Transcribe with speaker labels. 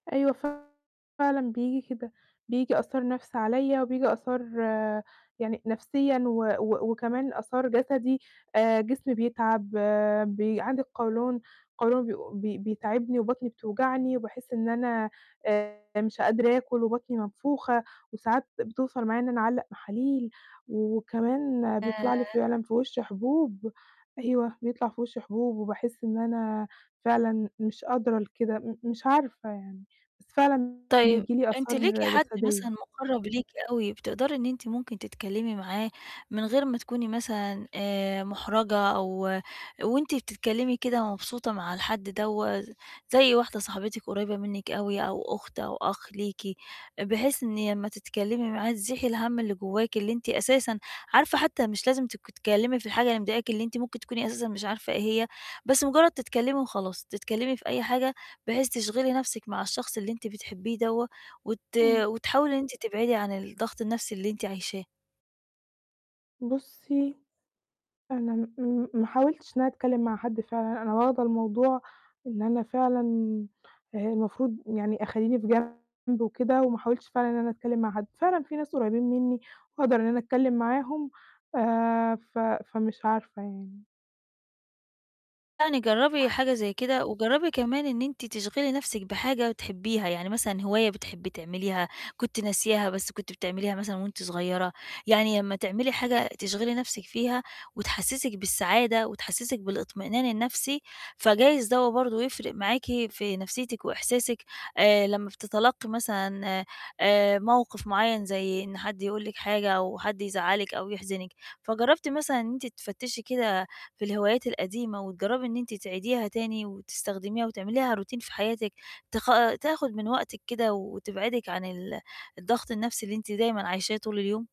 Speaker 1: أيوه ف فعلًا بييجي كده، بييجي آثار نفْس عليَّ، وبييجي آثار يعني نفسيًا و و وكمان آثار جسدي، آآ، جسمي بيتعب، بي عندي القولون؛ القولون بي بي بيتعبني وبطني بتوجعني، وباحس إن أنا مش آآ، قادرة آكل وبطني منفوخة، وساعات بتوصَل معايا إن أنا أعلّق محاليل. وكمان
Speaker 2: آآ
Speaker 1: بيطلَع لي فعلًا في وشي حبوب. أيوه، بيطلَع في وشي حبوب، وباحس إن أنا فعلًا مش قادرة لكده، م مش عارفة يعني. بس فعلًا
Speaker 2: طيب.
Speaker 1: بييجي لي
Speaker 2: أنتِ
Speaker 1: آثار
Speaker 2: ليكِ حد مثلًا
Speaker 1: جسدية.
Speaker 2: مُقرَّب ليكِ أوي، بتقدري إن أنتِ ممكن تتكلمي معاه من غير ما تكوني مثلًا آآ، محرَجة أو وأنتِ بتتكلمي كده مبسوطة مع الحد دوّة؟ زي واحدة صاحبتِك قريِّبة منِك أوي أو أخت أو أخ ليكِ، بحيث إن لمّا تتكلمي معاه تزيحي الهَم اللي جواكِ اللي أنتِ أساسًا عارفة حتى مش لازم ت تتكلمي في الحاجة اللي مضايقاكِ، اللي أنتِ ممكن تكوني أساسًا مش عارفة إيه هي، بس مجرد تتكلمي وخلاص، تتكلمي في أي حاجة بحيث تشغلي نفْسِك مع الشخص اللي أنتِ بتحبيه دوّة، وت
Speaker 1: إمم.
Speaker 2: وتحاولي إن أنتِ تبعدي عن الضغط النفْسي اللي أنتِ عايشاه.
Speaker 1: بُصي، أنا م م ما حاولتش إن أنا أتكلم مع حد فعلًا، أنا واخدة الموضوع إن أنا فعلًا المفروض يعني أخلّيني في جنب وكده، وما أحاولش فعلًا إن أنا أتكلم مع حد. فعلًا في ناس قريّبين مني، وأقدر إن أنا أتكلم معاهم، آآ، ف فمش عارفة يعني.
Speaker 2: يعني جرّبي
Speaker 1: [unintelligible]
Speaker 2: حاجة زي كده. وجرّبي كمان إن أنتِ تشغِلي نفْسِك بحاجة بتحبيها، يعني مثلًا هواية بتحبي تعمليها، كنتِ ناسياها بس كنتِ بتعمليها مثلًا وأنتِ صغيرة. يعني لمّا تعملي حاجة تشغِلي نفْسِك فيها وتحسسِك بالسعادة وتحسسِك بالاطمئنان النفْسي، فجايز دوّة برضو يفرِق معاكِ في نفسيتِك وإحساسِك آآ، لمّا بتتلقي مثلًا آآ، موقف معين زي إن حد يقول لِك حاجة أو حد يزعلِك أو يحزِنِك. فجرّبتِ مثلًا إن أنتِ تفتشي كده في الهوايات القديمة، وتجرّبي إن أنتِ تعيديها تاني وتستخدميها وتعمليها routine في حياتِك، تخ تاخد من وقتِك كده وتبعدِك عن ال الضغط النفْسي اللي أنتِ دايمًا عايشاه طول اليوم؟